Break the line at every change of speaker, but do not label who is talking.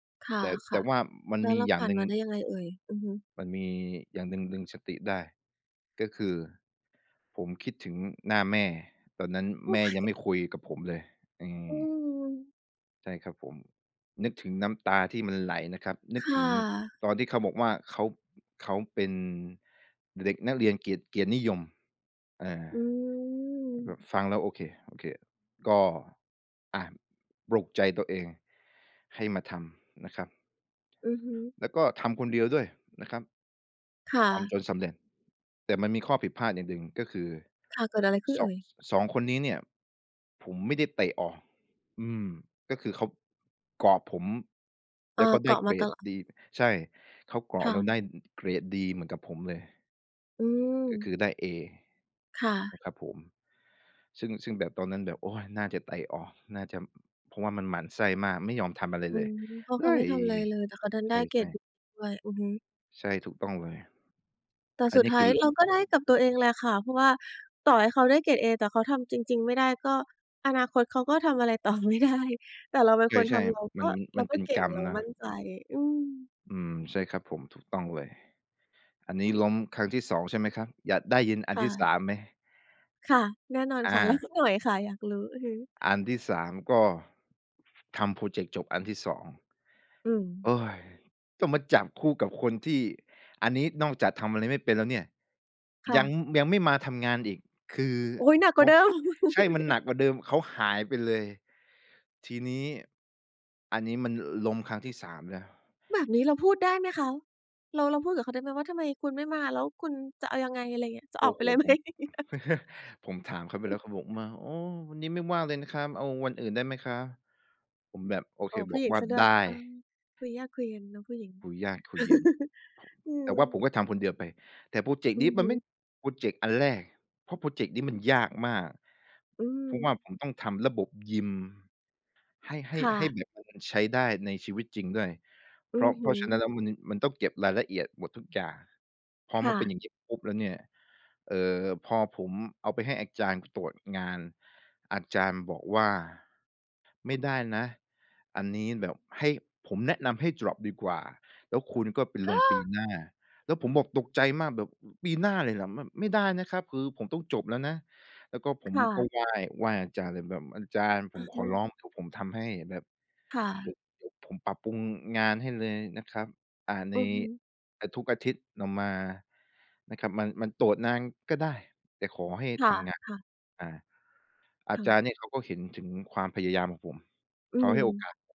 ค
แต่ แต
่
่
ะ
ว่ามั
ๆ
น
แล้ว
มี
เรา
อย่
ผ
า
่
ง
า
ห
น
นึ่
ม
ง
าได้ยังไงเอ่ย? อือฮึ
มันมีอย่างหนึ่งดึงสติได้ ก็คือผมคิดถึงหน้าแม่ ตอนนั้น
โอ
แ
๊
ม่ยังไ
ย!
ม่คุยกับผมเลย อื
อื
ม
ม
ใช่ครับผม นึกถึงน้ำตาที่มันไหลนะครับ นึ
ค
ก
่
ถึง
ะ
ตอนที่เขาบอกว่า เขา เขาเป็นเด็กนักเรียนเกียรติ เกียรตินิยม อา
อื
แ
ม
บบฟังแล้ว โอเค ๆ ก็ อ่า ปลุกใจตัวเองให้มาทำนะครับ
อือฮึ
แล้วก็ทำคนเดียวด้วยนะครับ
ค่
ทำ
ะ
จนสำเร็จ แต่มันมีข้อผิดพลาดอย่างหนึ่ง ก็คือ
ค่ะ เกิดอะไรขึ้น
ส
เอ
อง
่ย?
2 คนนี้เนี่ยผมไม่ได้เตะออก อืม ก็คือเขาเกาะผม แ
อ
ล
า
้วก็ไ
เ
ด
ก
้
าะ
เก
มา
ร
ต
ด
ลอด
ดี ใช่ เขาเกา
ค
ะ
่
แล้วไ
ะ
ด้เกรดดีเหมือนกับผมเลย
อื
ก็ค
ม
ือได้เอ
ค่
น
ะ
ะครับผม ซึ่ง ซึ่งแบบตอนนั้นแบบ โอ๊ย น่าจะเตะออก น่าจะ เพราะว่ามันหมั่นไส้มาก ไม่ยอมทำอะไร
อื
เลย
ม เพราะ
เ
เ
ฮ
ขา
้
ไม่
ย
ทำไรเลย แต่เขาดัน
ใ
ได้เกร
ช
ด
่ ๆ
ด้วย อือฮึ
ใช่ ถูกต้องเลย
แต่
อั
ส
น
ุ
น
ด
ี้
ท
ค
้า
ื
ย
อ
เราก็ได้กับตัวเองแหละค่ะ เพราะว่าต่อให้เขาได้เกรดเอ แต่เขาทำจริง ๆ ไม่ได้ ก็อนาคตเขาก็ทำอะไรต่อ ไม่ได้ แต่เราเป็น
ใ
คนท
ช่
ำเรา
ๆ
ก
ม
็
ัน
เร
มั
า
น
ก
เป
็
็น
เก่
กร
ง
รม
เรา
นะ
มั่นใจ อืม
อืม ใช่ครับผม ถูกต้องเลย อันนี้ล้มครั้งที่ 2 ใช่ไหมครับ อยากได้ยินอั
ค
น
่
ที่ ส
ะ
าม ไหม?
ค่ะ แน่นอน
อ
ค่ะ เล่า
า
สักหน่อยค่ะ อยากรู้ อือฮึ
อันที่ 3 ก็ทำพรอเจกต์จบอันที่ 2
อืม
ต้องมาจับคู่กับคนที่ อันนี้นอกจากทำอะไรไม่เป็นแล้วเนี่ย
ค่
ยัง
ะ
ยังไม่มาทำงานอีก คือ
โอ๊ย! หนักก
โ
ว
อ
่
๊
าเ
ย
ดิม
ใช่ มันหนักกว่าเดิม เขาหายไปเลย ที่นี้อันนี้มันล้มครั้งที่ 3 แล้ว
แบบนี้เราพูดได้ไหมคะ? เรา เราพูดกับเขาได้ไหมว่า "ทำไมคุณไม่มา แล้วคุณจะเอายังไง" อะไรเงี้ย "จะ
โ
อ
อ
อ
้
กไป
โฮ
เลย ไหม"
ผม ผมถามเขาไปแล้ว เขาบอกมา "โอ้ วันนี้ไม่ว่างเลยนะคะ เอาวันอื่นได้ไหมคะ?" ผมแบบ โอ
อ
เค
๋อ ผ
บ
ู้
อ
ห
ก
ญิง
ว่า
ซะด้ว
ไ
ย
ด้
เออ คุยยากคุยเย็นเนาะผู้หญิง
คุยยาก คุยเย็น
อื
แต่
ม
ว่าผมก็ทำคนเดียวไป แต่พรอเจก
อ
ต์
ื
นี้
อ
ม
ฮ
ันไม่
ึ
พรอเจกต์อันแรก เพราะพรอเจกต์นี้มันยากมาก
อื
เพราะว่า
ม
ผมต้องทำระบบยิม ให้ ให้
ค่
ให้
ะ
แบบเอามันใช้ได้ในชีวิตจริงด้วย
อ
เ
ื
พราะ
อ
เ
ฮ
พรา
ึ
ะฉะนั้นแล้วมัน น มันต้องเก็บรายละเอียดหมดทุกอย่าง พอ
ค
ม
่
ันเป็นอ
ะ
ย่างงี้ปุ๊บแล้วเนี่ย เอ่อ พอผมเอาไปให้อาจารย์ตรวจงาน อาจารย์บอกว่า "ไม่ได้นะ อันนี้แบบให้ ผมแนะนำให้ดร็อปดีกว่า แล้วคุณก็ไปลงปีหน้า" แล้วผมบอกตกใจมากแบบ "ปีหน้าเลยเหรอ ม ไม่ได้นะครับ คือผมต้องจบแล้วนะ" แล้วก็ผ
ค
ม
่
ก็
ะ
ไหว้ ๆ อาจารย์เลย แบบอาจารย์ผ
อื
ม
อ
ข
ฮึ
อร้อง เดี๋ยวผมทำให้ แบบ
ค่
เดี๋
ะ
ยว เดี๋ยวผมปรับปรุงงานให้เลยนะครับ อ่า ใน
อือฮึ
ทุกอาทิตย์ออกมานะครับ มัน มันตรวจนานก็ได้ แต่ขอให้
ค
ทำงาน
่ะ ๆ
อา อา
ค่
จ
ะ
ารย์เนี่ยเขาก็เห็นถึงความพยายามผม
อื
เขาให้โอ
ม
กาส